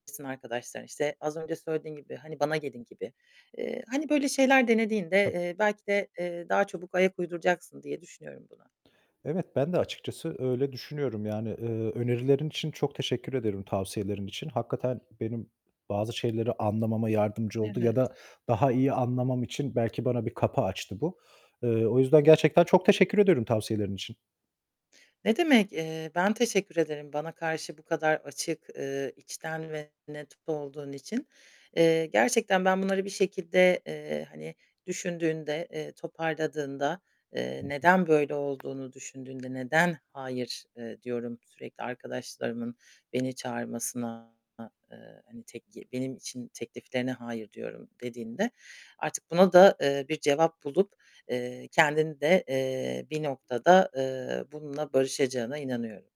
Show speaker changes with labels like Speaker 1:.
Speaker 1: [unintelligible] Arkadaşlar işte. Az önce söylediğin gibi hani bana gelin gibi. Eee, hani böyle şeyler denediğinde,
Speaker 2: Tab
Speaker 1: eee, belki de, eee, daha çabuk ayak uyduracaksın diye düşünüyorum bunu.
Speaker 2: Evet, ben de açıkçası öyle düşünüyorum. Yani, eee, önerilerin için çok teşekkür ederim tavsiyelerin için. Hakikaten benim bazı şeyleri anlamama yardımcı oldu ya
Speaker 1: Evet.
Speaker 2: da daha iyi anlamam için belki bana bir kapı açtı bu. Eee, o yüzden gerçekten çok teşekkür ederim tavsiyelerin için.
Speaker 1: Ne demek, eee, ben teşekkür ederim bana karşı bu kadar açık, eee, içten ve net olduğun için. Eee, gerçekten ben bunları bir şekilde, eee, hani düşündüğünde, eee, toparladığında, eee,
Speaker 2: Hı hı.
Speaker 1: neden böyle olduğunu düşündüğünde neden hayır, eee, diyorum sürekli arkadaşlarımın beni çağırmasına, eee, hani tek ye benim için tekliflerine hayır, diyorum dediğinde artık buna da, eee, bir cevap bulup, eee, kendin de, eee, bir noktada, eee, bununla barışacağına inanıyorum.